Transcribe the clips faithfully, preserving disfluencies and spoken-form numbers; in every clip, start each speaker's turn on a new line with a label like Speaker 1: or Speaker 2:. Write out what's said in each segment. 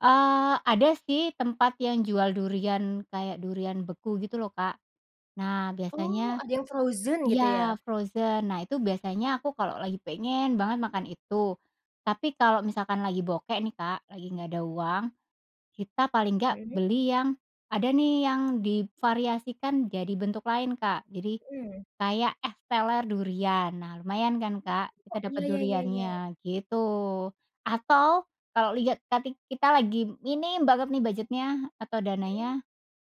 Speaker 1: Eee, ada sih, tempat yang jual durian, kayak durian beku gitu, lho, Kak. Nah,
Speaker 2: Oh.
Speaker 1: biasanya
Speaker 2: Ada yang frozen, gitu ya?
Speaker 1: ya frozen. Nah, itu biasanya aku kalau lagi pengen banget makan itu. Tapi kalau misalkan lagi bokek nih, Kak, lagi nggak ada uang. Kita paling nggak
Speaker 2: [unintelligible]
Speaker 1: beli yang ada nih, yang divariasikan jadi bentuk lain, Kak. Jadi,
Speaker 2: Mmm.
Speaker 1: kayak es teler durian. Nah, lumayan kan, Kak,
Speaker 2: Oh.
Speaker 1: kita dapat
Speaker 2: Iya, ya ya ya.
Speaker 1: duriannya, gitu. Atau, kalau lihat tadi kita lagi ini banget nih, budget-nya atau
Speaker 2: Mmm.
Speaker 1: dananya,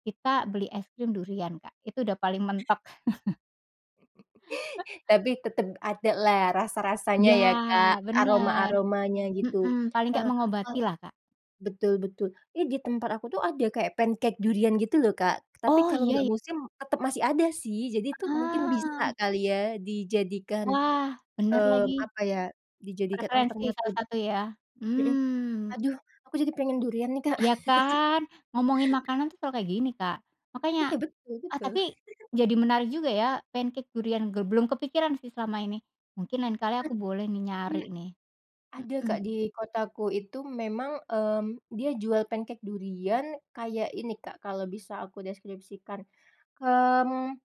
Speaker 1: kita beli es krim durian, Kak. Itu udah paling mentok.
Speaker 2: Tapi, tetep adalah, rasa-rasanya
Speaker 1: Iya,
Speaker 2: ya, Kak?
Speaker 1: bener.
Speaker 2: Aroma-aromanya, gitu.
Speaker 1: Mhm. Paling nggak
Speaker 2: Nah, eee
Speaker 1: mengobatilah, Kak.
Speaker 2: betul betul. Iya di tempat aku tuh, ada kayak pancake durian gitu loh, Kak. Tapi
Speaker 1: Oh,
Speaker 2: kalo
Speaker 1: iya
Speaker 2: nggak
Speaker 1: y
Speaker 2: musim, tetep masih ada sih. Jadi tuh, mungkin bisa
Speaker 1: Ah!
Speaker 2: kali ya dijadikan,
Speaker 1: Wah! Bener
Speaker 2: mmm,
Speaker 1: lagi.
Speaker 2: apa ya? Dijadikan
Speaker 1: Referensi salah
Speaker 2: alternatif.
Speaker 1: satu, ya?
Speaker 2: Heeh.
Speaker 1: Mmm.
Speaker 2: Aduh! Aku jadi pengen durian nih, Kak.
Speaker 1: Iya kan? Ngomongin makanan tuh selalu kayak gini, Kak. Makanya
Speaker 2: Iya, betul
Speaker 1: eee,
Speaker 2: betul.
Speaker 1: tapi jadi menarik juga ya? Pancake durian, ge belum kepikiran sih, selama ini. Mungkin lain kali
Speaker 2: He
Speaker 1: aku boleh nih, nyari
Speaker 2: hmm.
Speaker 1: nih.
Speaker 2: Ada
Speaker 1: Mhm.
Speaker 2: Kak. Di kotaku itu memang, mmm, dia jual pancake durian. Kayak ini Kak, kalau bisa aku deskripsikan. Mmm,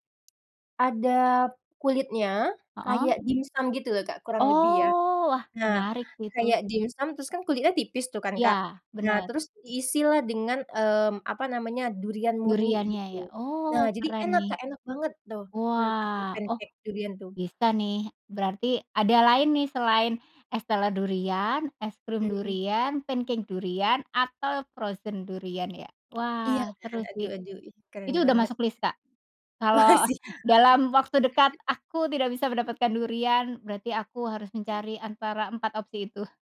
Speaker 2: ada kulitnya,
Speaker 1: Heeh.
Speaker 2: kayak dimsum gitu lho, Kak kurang lebih ya.
Speaker 1: Oh! Wah,
Speaker 2: Nah,
Speaker 1: menarik sih, itu.
Speaker 2: kayak dimsum, terus kan kulitnya tipis tuh kan, Kak.
Speaker 1: Iya.
Speaker 2: Nah
Speaker 1: Bener.
Speaker 2: terus, diisilah dengan, mmm apa namanya, durian murni,
Speaker 1: Duriannya ya?
Speaker 2: gitu. Nah
Speaker 1: Oh,
Speaker 2: jadi
Speaker 1: keren
Speaker 2: enak
Speaker 1: nih.
Speaker 2: Kak, enak banget tuh, menurut aku,
Speaker 1: Wah! Oh,
Speaker 2: pancake durian tuh.
Speaker 1: bisa nih, berarti ada lain nih, selain es teler durian, es krim
Speaker 2: Mhm.
Speaker 1: durian, pancake durian, atau frozen durian ya?
Speaker 2: Iya,
Speaker 1: Wah!
Speaker 2: kan?
Speaker 1: Seru sih.
Speaker 2: Aduh aduh, ih keren
Speaker 1: Itu udah
Speaker 2: banget.
Speaker 1: masuk list, Kak. Kalau
Speaker 2: Makasih, Kak.
Speaker 1: dalam waktu dekat aku tidak bisa mendapatkan durian, berarti aku harus mencari antara empat opsi itu.